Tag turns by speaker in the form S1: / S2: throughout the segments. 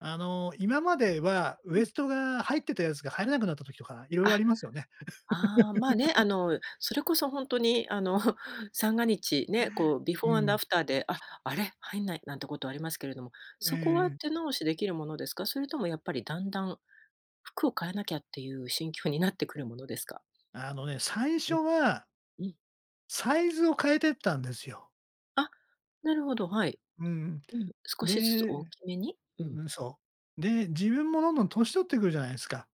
S1: あの、今まではウ
S2: う
S1: エ
S2: ん。
S1: ストが入ってたやつが入らなくなった時とか、いろいろあ
S2: あ、
S1: りますよね。
S2: ああ、まあ、ね、あ の、それこそほんとにあの、三が日ね、こうビフ
S1: う
S2: ォーアンド
S1: ん。
S2: アフターで、あ、あれ、入んない、なんてことはありますけれども、
S1: え
S2: そこは
S1: え。
S2: 手直しできるものですか？それともやっぱりだんだん、服を買わなきゃっていう心境になってくるものですか？
S1: あのね、最
S2: う
S1: 初
S2: ん。
S1: は
S2: うん。
S1: サイズを変えてったんですよ。
S2: あ、なるほど、はい。
S1: うん。
S2: うん、少
S1: で
S2: しずつ
S1: う
S2: 大きめにう
S1: ん
S2: ん。
S1: うん、そう。で、自分もどんどん年取ってくるじゃないですか。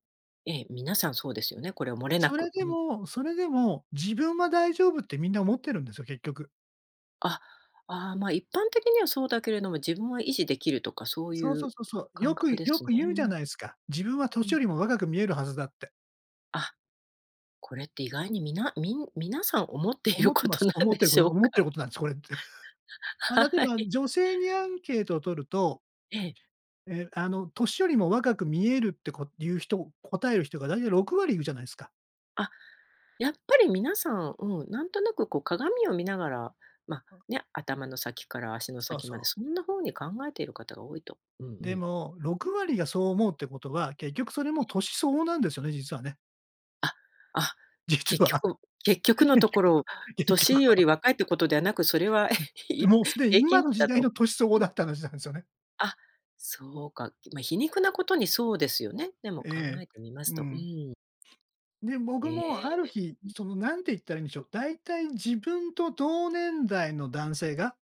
S2: ええ、皆さんそうですよね、これはもれな
S1: それ
S2: く、
S1: で
S2: うん。
S1: もそれでも自分は大丈夫ってみんな思ってるんですよ、結局。
S2: あ。ああ、ま、一般的にはそうだけれども、自分は維持できるとかそうい
S1: そうそう
S2: う
S1: そうそう。よ
S2: 感覚
S1: く
S2: で
S1: よ
S2: すね。
S1: く言
S2: う
S1: うじゃ
S2: ん。
S1: ないすか。自分は齢
S2: うん。
S1: よりも若く見えるはずだって。
S2: あ、これって意外にみなみん皆さん思っている
S1: 思って
S2: こ
S1: ま
S2: と
S1: す。
S2: なん
S1: 思って
S2: で
S1: るこ
S2: しょ
S1: と
S2: う
S1: 思って
S2: か？
S1: ることなんです、これ。ま、例え
S2: は
S1: ば
S2: い。
S1: 女性にアンケートを取ると
S2: ええ。
S1: えあの齢よりも若く見えるってこ言う人、答える人がだいたい6割いるじゃないすか。
S2: あ、やっぱり皆さん、うん、なんとなくこう鏡を見ながら、ま、ね、頭の先から足の
S1: そう
S2: 先
S1: そ
S2: まで
S1: う。
S2: そんなふうに考えている方が多いと。うんう
S1: で
S2: ん。
S1: も、6割がそう思うってことは、結局それも齢相応なんですよね、実はね。
S2: あ、あ、
S1: 実
S2: 結
S1: は、
S2: 局結局のと
S1: 結
S2: こ
S1: 局は
S2: ろ、
S1: 結局
S2: 齢よ
S1: は。
S2: り若いってことではなく、それは、
S1: うん。で、
S2: いっ
S1: もうすでに
S2: 平
S1: 今
S2: 均
S1: の
S2: 値
S1: 時
S2: だ
S1: 代の
S2: と。
S1: 齢相合
S2: うん。
S1: だった話なんすよね。
S2: あ、そうか、ま、皮肉なことにそうですよね。でも考
S1: ええ。
S2: えてみます
S1: う
S2: と。う
S1: ん。
S2: ーん。
S1: で、
S2: え
S1: 僕もある
S2: え。
S1: 日、
S2: うん。
S1: その、なんていったらいんでしょう、だいたい自分と同年代の男性が